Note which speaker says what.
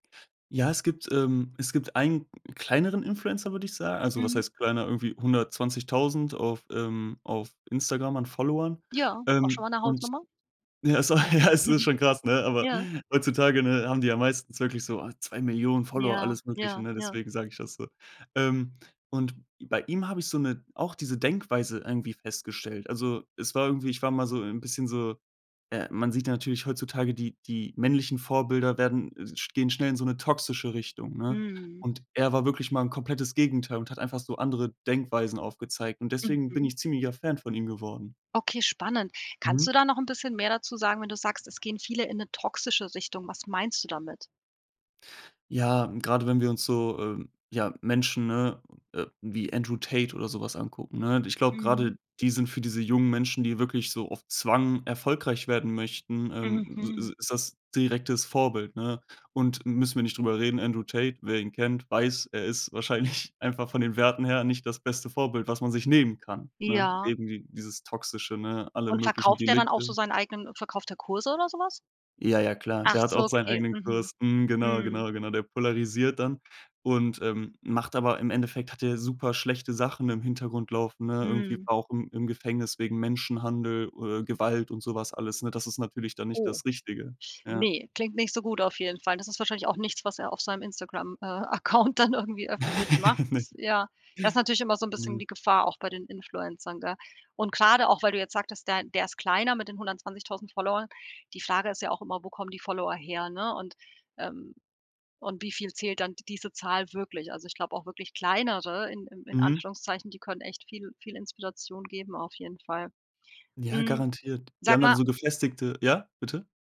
Speaker 1: Ja, es gibt ähm, es gibt einen kleineren Influencer, würde ich sa also was
Speaker 2: Mhm.
Speaker 1: heißt kleiner? Irgendwie 120.000 auf ähm, auf Instagram an Followern.
Speaker 2: Ja, auch schon
Speaker 1: Ähm,
Speaker 2: mal 'ne
Speaker 1: und
Speaker 2: Hausnummer.
Speaker 1: [unintelligible] ja, es ist schon krass, ne? Aber
Speaker 2: Ja.
Speaker 1: heutzutage, ne, haben die ja meistens wirklich so, oh, 2.000.000 Follower,
Speaker 2: Ja,
Speaker 1: alles Mögliche,
Speaker 2: ja,
Speaker 1: ne?
Speaker 2: ja.
Speaker 1: Deswegen sage ich das so. Ähm, und bei ihm habe ich so 'ne auch diese Denkweise irgendwie festgestellt. Also, es war irgendwie ich war mal so 'n, bisschen so äh, man sieht natürlich heutzutage, die die männlichen Vorbilder werden, äh, sch gehen schnell in so 'ne toxische Richtung, ne?
Speaker 2: Mhm.
Speaker 1: Und er war wirklich mal 'n komplettes Gegenteil und hat einfach so andere Denkweisen aufgezeigt. Und deswegen bin
Speaker 2: Mhm.
Speaker 1: ich ziemlicher Fan von ihm geworden.
Speaker 2: Okay, spannend. Kannst du
Speaker 1: Mhm.
Speaker 2: da noch bisschen mehr dazu sagen, wenn du sagst, es gehen viele in 'ne toxische Richtung? Was meinst du damit?
Speaker 1: Ja, gerade wenn wir uns so, ähm, ja, Menschen, ne, äh, wie Andrew Tate oder so was angucken, ne? Ich glaube,
Speaker 2: Mhm.
Speaker 1: gerade die sind für diese jungen Menschen, die wirklich so auf Zwang erfolgreich werden möchten, ähm, s s
Speaker 2: Mhm.
Speaker 1: ist das direktes Vorbild, ne? Und müssen wir nicht drüber reden, Andrew Tate, wer ihn kennt, weiß, er ist wahrscheinlich einfach von den Werten her nicht das beste Vorbild, was man sich nehmen kann, ne?
Speaker 2: Ja.
Speaker 1: Eben d dieses Toxische, ne? Alle
Speaker 2: Und
Speaker 1: möglichen
Speaker 2: verkauft der dann auch so
Speaker 1: Delikte.
Speaker 2: seinen eigenen äh, verkauft der Kurse oder so was?
Speaker 1: Ja, ja, klar.
Speaker 2: Ach
Speaker 1: Der hat
Speaker 2: so,
Speaker 1: auch seinen
Speaker 2: okay,
Speaker 1: eigenen
Speaker 2: mhm.
Speaker 1: Kurs. Mhm, genau,
Speaker 2: Mhm.
Speaker 1: genau, genau. Der polarisiert dann und, ähm, macht aber Im Endeffekt hat der super schlechte Sachen im Hintergrund laufen, ne? Irgendwie
Speaker 2: Mhm.
Speaker 1: war auch im im Gefängnis wegen Menschenhandel oder Gewalt und so was alles, ne? Das ist natürlich dann nicht
Speaker 2: Oh,
Speaker 1: das Richtige. Ja.
Speaker 2: ne, klingt nicht so gut auf jeden Fall. Das ist wahrscheinlich auch nichts, was er auf seinem Instagram, äh, Account dann irgendwie öffentlich macht.
Speaker 1: Ne.
Speaker 2: Das ja, das ist natürlich immer so 'n bisschen
Speaker 1: [unintelligible]
Speaker 2: die Gefahr auch bei den Influencern, gell? Und grade auch, weil du jetzt sagtest, der der ist kleiner mit den 120.000 Followern, die Frage ist ja auch immer, wo kommen die Follower her, ne, und, ähm und wie viel zählt dann d diese Zahl wirklich? Also, ich glaube auch wirklich kleinere in in in
Speaker 1: Mhm.
Speaker 2: Anführungszeichen, die können echt viel viel Inspiration geben auf jeden Fall.
Speaker 1: Ja,
Speaker 2: Mm,
Speaker 1: garantiert. Die
Speaker 2: sag
Speaker 1: haben dann
Speaker 2: mal
Speaker 1: so gefestigte ja, bitte?